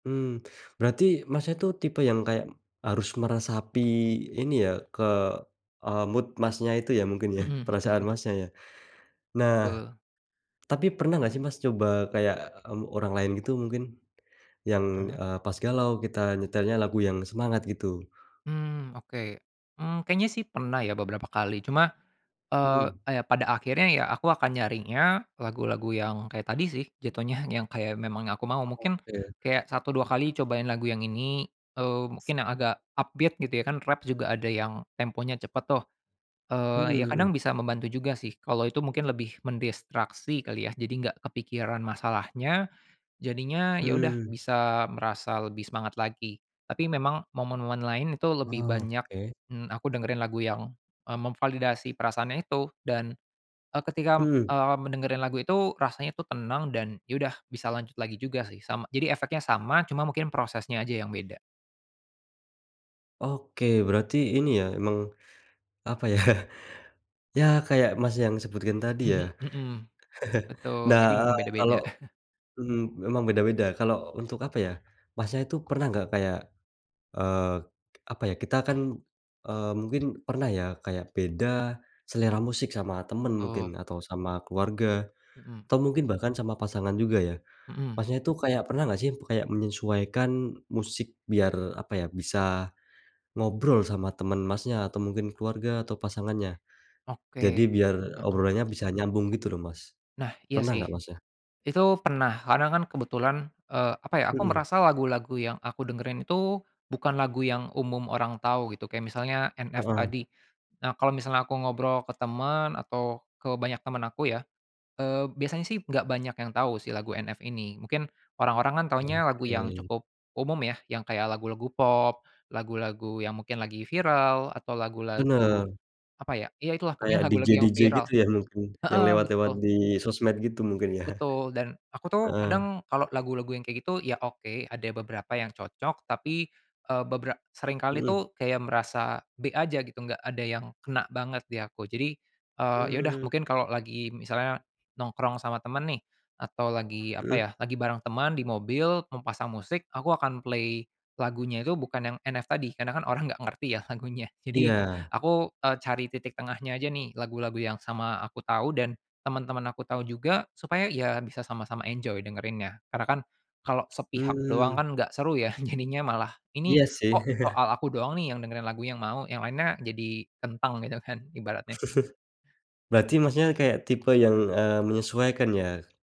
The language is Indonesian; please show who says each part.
Speaker 1: Mmm, berarti Masnya, itu, tipe yang kayak harus meresapi ini ya, ke, eee, mood Masnya, itu ya, mungkin ya,
Speaker 2: Mhm.
Speaker 1: perasaan Masnya, ya. Nah,
Speaker 2: Betul.
Speaker 1: tapi pernah nggak sih Mas, coba kayak, mmm, orang lain gitu mungkin? Yang,
Speaker 2: Ah.
Speaker 1: eee, pas galau, kita nyetelnya lagu yang semangat gitu.
Speaker 2: Mmm, oke. Mmm, kayaknya sih pernah ya, beberapa kali, cuma, eee,
Speaker 1: Mhm.
Speaker 2: ya pada akhirnya, ya aku akan nyarinya lagu-lagu yang kayak tadi sih, jatohnya yang kayak memang yang aku mau. Mungkin
Speaker 1: Oke.
Speaker 2: kayak satu dua kali cobain lagu yang ini, eee, mungkin yang agak upbeat gitu ya. Rap juga ada yang temponya cepet tuh.
Speaker 1: Mhm
Speaker 2: Eee, iya
Speaker 1: mhm.
Speaker 2: kadang bisa membantu juga sih, kalau itu mungkin lebih mendistraksi kali ya, jadi enggak kepikiran masalahnya, jadinya, ya udah
Speaker 1: Mhm.
Speaker 2: bisa merasa lebih semangat lagi. Tapi memang momen-momen lain itu lebih banyak,
Speaker 1: Oke.
Speaker 2: mmm, aku dengerin lagu yang, eee, memvalidasi perasaannya itu dan, eee, ketika,
Speaker 1: Mhm.
Speaker 2: eee, mendengerin lagu itu, rasanya itu tenang dan, ya udah bisa lanjut lagi juga sih, sama jadi efeknya sama, cuma mungkin prosesnya aja yang beda.
Speaker 1: Oke, berarti ini ya, emang apa ya? Ya kayak Mas, yang sebutkan tadi ya.
Speaker 2: Mhm, betul.
Speaker 1: Nah,
Speaker 2: Jadi memang
Speaker 1: eee, kalau
Speaker 2: beda-beda.
Speaker 1: mhm, memang beda-beda, kalau untuk apa ya, Masnya itu pernah enggak kayak, eee, apa ya, kita kan, eee, mungkin pernah ya, kayak beda selera musik sama temen mungkin
Speaker 2: Untuk.
Speaker 1: atau sama keluarga,
Speaker 2: Mhm.
Speaker 1: atau mungkin bahkan sama pasangan juga ya.
Speaker 2: Mhm.
Speaker 1: Masnya, itu kayak pernah nggak sih, itu kayak menyesuaikan musik biar apa ya, bisa ngobrol sama temen Masnya, atau mungkin keluarga atau pasangannya? Jadi
Speaker 2: Oke,
Speaker 1: biar
Speaker 2: mhm.
Speaker 1: obrolannya bisa nyambung gitu loh, Mas,
Speaker 2: Nah, iya
Speaker 1: pernah
Speaker 2: sih.
Speaker 1: nggak Masnya?
Speaker 2: Itu pernah, karena kan kebetulan, eee, apa ya, aku
Speaker 1: Mhm.
Speaker 2: merasa lagu-lagu yang aku dengerin itu, bukan lagu yang umum orang tahu gitu, kayak misalnya NF
Speaker 1: Heeh.
Speaker 2: tadi. Nah, kalau misalnya aku ngobrol ke temen atau ke banyak temen aku ya, eee, biasanya sih enggak banyak yang tahu si lagu NF ini, mungkin orang-orang kan taunya lagu yang
Speaker 1: Oke.
Speaker 2: cukup umum ya, yang kayak lagu-lagu pop, lagu-lagu yang mungkin lagi viral atau lagu-lagu
Speaker 1: Benar.
Speaker 2: apa ya, iya itulah pokoknya
Speaker 1: kayak DJ
Speaker 2: lagu-lagu yang
Speaker 1: DJ
Speaker 2: viral,
Speaker 1: gitu ya, mungkin yang
Speaker 2: heeh,
Speaker 1: lewat-lewat
Speaker 2: betul.
Speaker 1: di sosmed gitu, mungkin ya?
Speaker 2: Betul, dan aku tuh
Speaker 1: Heeh.
Speaker 2: kadang kalau lagu-lagu yang kayak gitu, ya oke, ada beberapa yang cocok. Tapi, eee, beberap seringkali
Speaker 1: Mhm.
Speaker 2: tuh kayak merasa B aja gitu, enggak ada yang kena banget di aku. Jadi, eee, iya udah,
Speaker 1: Mmm.
Speaker 2: mungkin kalau lagi misalnya nongkrong sama temen nih, atau lagi apa
Speaker 1: Mhm.
Speaker 2: ya, lagi bareng temen, di mobil mau pasang musik, aku akan play lagunya itu bukan yang NF tadi, karena kan orang nggak ngerti ya, lagunya. Jadi
Speaker 1: Iya.
Speaker 2: aku, eee, cari titik tengahnya aja nih, lagu-lagu yang sama aku tahu dan teman-teman aku tahu juga. Supaya, iya bisa sama-sama enjoy dengerinnya. Karena kan kalau sepihak doang
Speaker 1: Mmm.
Speaker 2: kan nggak seru ya, jadinya malah, ini
Speaker 1: Iya sih.
Speaker 2: kok soal aku doang nih, yang dengerin lagu yang mau, yang lainnya jadi kentang gitu kan, ibaratnya.
Speaker 1: Berarti Masnya, kayak tipe yang, eee, menyesuaikan ya?